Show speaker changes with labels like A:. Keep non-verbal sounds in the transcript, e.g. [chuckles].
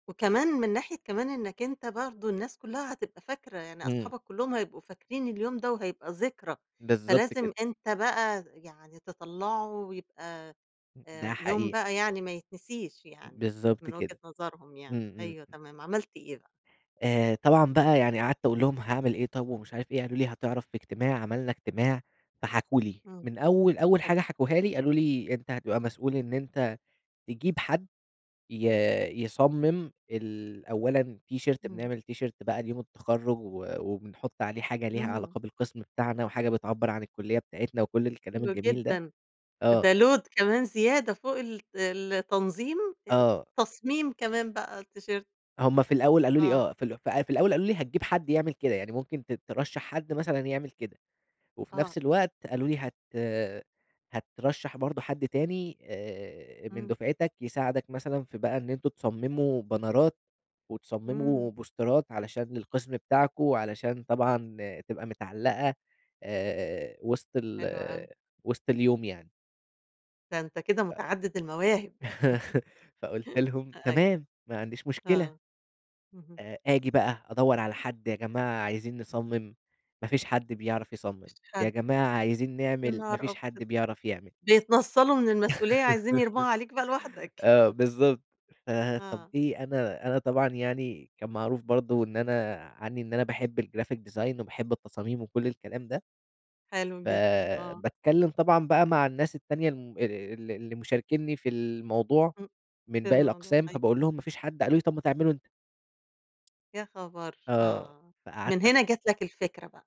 A: وكمان من ناحية كمان إنّك أنت برضو الناس كُلّها هتبقى فاكرة، يعني
B: امم.
A: أصحابك كُلُّهم هيبقوا فاكرين اليوم ده وهيبقى ذكرى،
B: بالضبط
A: فلازم
B: كده.
A: أنت بقى يعني تطَلّعه ويبقى
B: ام ده
A: آآ يوم
B: حقيقة.
A: بقى يعني ما يتنسيش يعني
B: بالضبط
A: من وجهة
B: كده،
A: نظرهم يعني،
B: امم
A: أيوه
B: امم.
A: تمام، عملت إيه بقى؟
B: آآ طبعًا بقى يعني قعدت أقول لهم هاعمل إيه طب ومش عارف إيه، قالوا لي هتعرف في اجتماع، عملنا اجتماع فحكوا لي،
A: امم،
B: من أول أول
A: حلو.
B: حاجة حكوها لي قالوا لي أنت هتبقى مسؤول إن أنت تجيب حد ي يصمم ال أولّاً تيشيرت
A: امم.
B: بنعمل تيشيرت بقى ليوم التخرُّج و وبنحط عليه حاجة ليها
A: امم.
B: علاقة بالقسم بتاعنا وحاجة بتعبّر عن الكُلّية بتاعتنا وكل الكلام
A: حلو
B: الجميل ده.
A: جدًا،
B: آه.
A: ده load كمان زيادة فوق الت التنظيم ات
B: آه.
A: تصميم كمان بقى التيشيرت.
B: هُم في الأول قالوا لي
A: آه.
B: آه في ال في الأول قالوا لي هتجيب حد يعمل كده، يعني ممكن ت ترَشّح حد مثلًا يعمل كده، وفي
A: آه.
B: نفس الوقت قالوا لي هت هترَشّح برضه حد تاني آآ من
A: امم.
B: دُفعتك يساعدك مثلًا في بقى إن أنتم تصمموا بنرات
A: امم.
B: وتصمموا بوسترات علشان القسم بتاعكم وعلشان طبعًا تبقى متعلّقة آآ وسط ال
A: حلو أوي.
B: وسط اليوم يعني.
A: ده أنت كده
B: ف
A: متعدد المواهب.
B: [laughs] فقُلت
A: [laughs]
B: لهم
A: أ أيو
B: تمام ما عنديش مشكلة.
A: آه، اهم.
B: آآ آجي بقى أدَوّر على حد، يا جماعة عايزين نصمم، ما فيش حد بيعرف يصمم،
A: مفيش
B: يا
A: حد.
B: جماعة عايزين
A: يا
B: نعمل، ما
A: نهار
B: فيش حد
A: أبيض!
B: بيعرف يعمل.
A: بيتنَصّلوا من المسؤولية عايزين يرموها عليك بقى
B: [laughs]
A: لوحدك.
B: آه
A: [chuckles]
B: بالضبط. فطب
A: آه.
B: إيه أنا أنا طبعًا يعني كان معروف برضه إن أنا عنّي إن أنا باحب الgraphic design وباحب التصاميم وكل الكلام ده
A: حلو جدًا، آه.
B: فباتكلم طبعًا بقى مع الناس التانية الم ال اللي مشاركيني في ال الموضوع
A: امم،
B: من
A: في
B: باقي
A: الموضوع
B: الأقسام
A: أيوه.
B: فباقول لهم ما فيش حد، قالوا لي طب ما تعمله أنت.
A: يا خبر!
B: آه،
A: آه،
B: فقعدت
A: من
B: أ
A: هنا جات لك الفكرة بقى.